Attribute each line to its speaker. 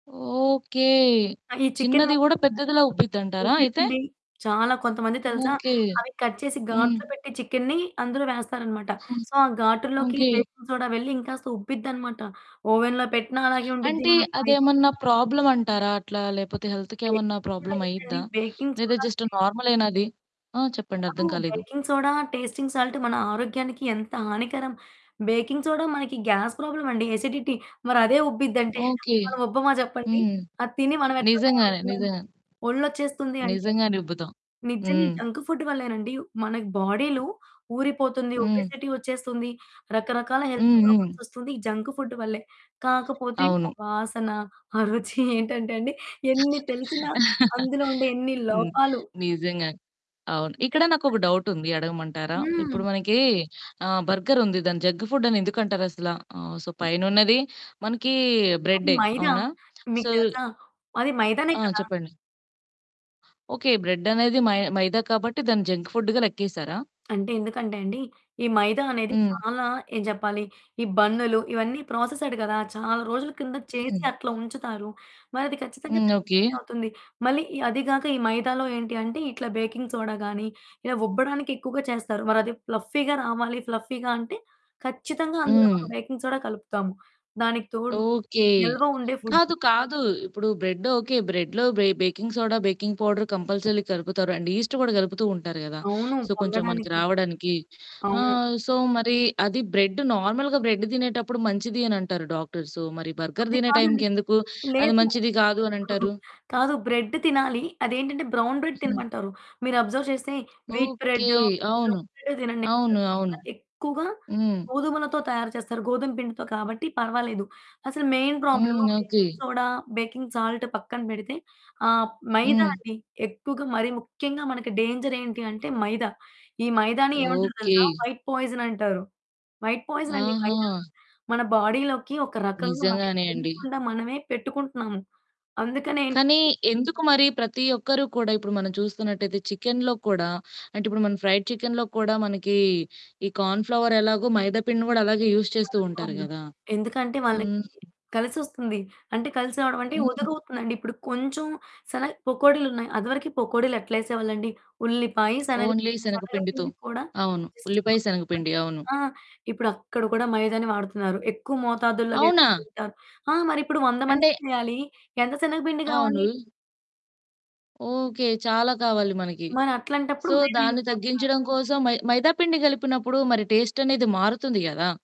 Speaker 1: Okay.
Speaker 2: ఆహ్, ఈ chicken
Speaker 1: చిన్నది
Speaker 2: ముక్కలు
Speaker 1: గూడా పెద్దదిలా ఉబ్బిద్దంటారా అయితే!
Speaker 2: ఓకేనండి చాలా కొంతమంది తెలుసా!
Speaker 1: ఓకే.
Speaker 2: అవి కట్ చేసి
Speaker 1: హ్మ్
Speaker 2: గాట్లు పెట్టి చికెనుని అందులో వేస్తారన్నమాట.
Speaker 1: హ్మ్.
Speaker 2: సో, ఆ గాటుల్లోకి
Speaker 1: ఓకే.
Speaker 2: బేకింగ్ సోడా వెళ్లి ఇంకాస్త ఉబ్బిద్దన్నమాట ఓవెన్‌లో పెట్టినా అలాగే ఉండుద్ది.
Speaker 1: అంటే
Speaker 2: మనం ఫ్రై చేసి
Speaker 1: అదేమన్నా ప్రాబ్లమంటారా అట్లా? లేకపోతే హెల్త్‌కేమన్నా
Speaker 2: బేకింగ్ సోడా ఏంటండీ?
Speaker 1: ప్రాబ్లమయ్యిద్దా?
Speaker 2: బేకింగ్
Speaker 1: లేదా జస్ట్
Speaker 2: సోడాంటే
Speaker 1: నార్మలేనా అది? ఆ! చెప్పండి
Speaker 2: కాదు.
Speaker 1: అర్థం కాలేదు.
Speaker 2: బేకింగ్ సోడా, టేస్టింగ్ సాల్ట్ మన ఆరోగ్యానికి ఎంత హానికరం. బేకింగ్ సోడా మనకి గ్యాస్ ప్రాబ్లమండి. ఎసిడిటీ. మరదే ఉబ్బిద్దంటే
Speaker 1: ఓకే.
Speaker 2: మనముబ్బమా చెప్పండి
Speaker 1: హ్మ్.
Speaker 2: అది తిని మనమెట్లా
Speaker 1: నిజంగానే.
Speaker 2: తయారవుతున్నాం?
Speaker 1: నిజంగానే.
Speaker 2: ఒళ్ళొచ్చేస్తుంది అంటే
Speaker 1: నిజంగానే ఉబ్బుతాం.
Speaker 2: నిజంగా ఈ
Speaker 1: హ్మ్.
Speaker 2: జంక్ ఫుడ్ వల్లేనండి. మన బాడీలో ఊరిపోతుంది
Speaker 1: హ్మ్.
Speaker 2: ఒబెసిటీ వచ్చేస్తుంది. రకరకాల హెల్త్
Speaker 1: హ్మ్. హ్మ్.
Speaker 2: ప్రాబ్లమ్స్ వస్తుంది. ఈ జంక్ ఫుడ్ వల్లే. కాకపోతే
Speaker 1: అవును.
Speaker 2: ఆ వాసన, ఆ రుచి ఏంటంటే అండి, ఎన్ని తెలిసినా, అందులో ఉండే ఎన్ని
Speaker 1: హ్మ్.
Speaker 2: లోపాలు
Speaker 1: నిజంగానే. అవును. ఇక్కడ
Speaker 2: తెలిసినా
Speaker 1: నాకొక
Speaker 2: సరే.
Speaker 1: డౌటుంది. అడగమంటారా?
Speaker 2: హ్మ్.
Speaker 1: ఇప్పుడు మనకి ఆహ్, బర్గరుంది. దాన్ని జంక్ ఫుడ్డని ఎందుకంటారసల? ఆహ్, సో, పైనున్నది మనకి
Speaker 2: అది
Speaker 1: బ్రెడ్డే
Speaker 2: మైదా.
Speaker 1: అవునా?
Speaker 2: మీకు
Speaker 1: సో
Speaker 2: తెలుసా? అది మైదానే
Speaker 1: ఆ!
Speaker 2: కదా!
Speaker 1: చెప్పండి. ఓకే. బ్రెడ్డనేది మై మైదా కాబట్టి దాన్ని జంక్ ఫుడ్‌గా లెక్కేసారా?
Speaker 2: అంటే ఎందుకంటే అండి, ఈ మైదా అనేది
Speaker 1: హ్మ్.
Speaker 2: చాలా ఏం చెప్పాలి? ఈ బన్నులు ఇవన్నీ ప్రాసెస్డ్ కదా! చాలా రోజుల కిందట చేసి
Speaker 1: హ్మ్.
Speaker 2: అట్లా ఉంచుతారు. మరది ఖచ్చితంగా
Speaker 1: హ్మ్.
Speaker 2: Junk
Speaker 1: okay.
Speaker 2: ఫుడ్డే అవుతుంది మళ్ళీ ఈ అది కాక ఈ మైదాలో ఏంటి అంటే ఇట్లా బేకింగ్ సోడా గానీ ఇలా ఉబ్బడానికెక్కువగా చేస్తారు. మరది ఫ్లఫ్ఫీగా రావాలి ఫ్లఫ్ఫీగా అంటే ఖచ్చితంగా అందులో మనం
Speaker 1: హ్మ్.
Speaker 2: బేకింగ్ సోడా కలుపుతాము దానికి తోడు
Speaker 1: ఓకే.
Speaker 2: నిల్వ ఉండే ఫుడ్డు.
Speaker 1: కాదు. కాదు. ఇప్పుడు బ్రెడ్ ఓకే. బ్రెడ్‌‌లో బే baking soda, baking powder compulsorily కలుపుతారు అండ్ ఈస్ట్ గూడా కలుపుతూ ఉంటారు గదా!
Speaker 2: అవును.
Speaker 1: సో, కొంచెం మనకి
Speaker 2: పొంగడానికి.
Speaker 1: రావడానికి.
Speaker 2: అవును.
Speaker 1: ఆహ్, సో మరి అది బ్రెడ్ నార్మల్‌గా బ్రెడ్ తినేటప్పుడు మంచిది అనంటారు డాక్టర్సు. మరి బర్గర్
Speaker 2: అది
Speaker 1: తినే
Speaker 2: కాదండి.
Speaker 1: టైంకి ఎందుకు అది
Speaker 2: లేదు.
Speaker 1: మంచిది కాదు అనంటారు?
Speaker 2: కాదు బ్రెడ్ తినాలి. అదేంటంటే బ్రౌన్ బ్రెడ్
Speaker 1: హ్మ్.
Speaker 2: తినమంటారు. మీరు అబ్జర్వ్ చేస్తే వీట్
Speaker 1: ఓకే.
Speaker 2: బ్రెడ్డు,
Speaker 1: అవును.
Speaker 2: బ్రౌన్ బ్రెడ్డే తినండి
Speaker 1: అవును.
Speaker 2: అంటారు.
Speaker 1: అవును.
Speaker 2: అదెక్కువగా
Speaker 1: హ్మ్.
Speaker 2: గోధుమలతో తయారు చేస్తారు. గోధుమ పిండితో కాబట్టి పర్వాలేదు. అసలు మెయిన్
Speaker 1: హ్మ్.
Speaker 2: Problem baking
Speaker 1: okay.
Speaker 2: Soda, baking salt పక్కన బెడితే ఆహ్, మైదా
Speaker 1: హ్మ్.
Speaker 2: అండి. ఎక్కువగా మరి ముఖ్యంగా మనకి డేంజర్ ఏంటి అంటే మైదా. ఈ మైదాని ఏమంటారు
Speaker 1: ఓకే.
Speaker 2: తెలుసా! వైట్ పాయిజన్ అంటారు. వైట్ పాయిజన్ అండి మైదా.
Speaker 1: ఆహా!
Speaker 2: మన బాడీలోకి ఒక రకంగా మనకి
Speaker 1: నిజంగానే అండి.
Speaker 2: తెలియకుండా మనమే పెట్టుకుంటున్నాము. అందుకనే
Speaker 1: కానీ
Speaker 2: ఏంటంటే
Speaker 1: ఎందుకు మరి ప్రతి ఒక్కరు కూడా ఇప్పుడు మనం చూస్తున్నట్టైతే చికెనులో కూడా, అంటే ఇప్పుడు మనం ఫ్రైడ్ చికెన్‌‌లో కూడా మనకి ఈ కార్న్ ఫ్లవర్ ఎలాగో మైదా పిండిని కూడా అలాగే యూజ్ చేస్తూ ఉంటారు
Speaker 2: కన్ఫర్మ్‌గా.
Speaker 1: గదా!
Speaker 2: ఎందుకంటే వాళ్ళకి
Speaker 1: హ్మ్.
Speaker 2: కలిసొస్తుంది. అంటే కలిసి రావడం అంటే
Speaker 1: హ్మ్.
Speaker 2: ఒదుగవుతుందండి. ఇప్పుడు కొంచెం శన పకోడీలున్నాయి. అది వరకు పకోడీలు ఎట్లా యేసేవాళ్ళండి? ఉల్లిపాయ
Speaker 1: ఓన్లీ
Speaker 2: శనగపిండి. శనగ
Speaker 1: శనగపిండితో
Speaker 2: పిండి కూడా
Speaker 1: అవును.
Speaker 2: జస్ట్
Speaker 1: ఉల్లిపాయ,
Speaker 2: కొద్దిగా
Speaker 1: శనగపిండి. అవును.
Speaker 2: కొద్దిగా ఆ ఇప్పుడు అక్కడ కూడా మైదాని వాడుతున్నారు. ఎక్కువ మోతాదుల్లో
Speaker 1: అవునా!
Speaker 2: వేసుకుంటారు. ఆ! మరి ఇప్పుడు 100
Speaker 1: అంటే
Speaker 2: మందికి చేయాలి. ఎంత శనగపిండి గావాలి?
Speaker 1: అవును. ఓకే. చాలా కావాలి మనకి.
Speaker 2: మరట్లాంటప్పుడు
Speaker 1: సో,
Speaker 2: మైదా యూజ్
Speaker 1: దాన్ని
Speaker 2: చేస్తన్నారు.
Speaker 1: తగ్గించడం కోసం మై మైదా పిండి గలిపినప్పుడు మరి టేస్టనేది మారుతుంది గదా!